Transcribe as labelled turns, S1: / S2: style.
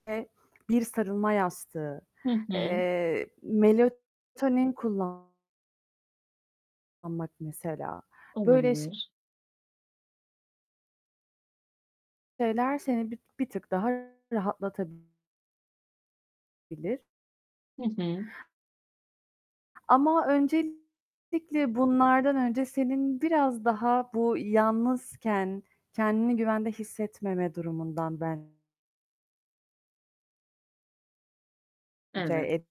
S1: Ve bir sarılma yastığı,
S2: Hı hı.
S1: eee, melatonin kullan kullanmak mesela. Böyle ş
S2: Olabilir.
S1: şeyler seni bi bir tık daha rahatlatabil bilir.
S2: Hı hı.
S1: Ama öncelikle, bunlardan önce senin biraz daha bu yalnızken kendini güvende hissetmeme durumundan ben ce
S2: Evet
S1: et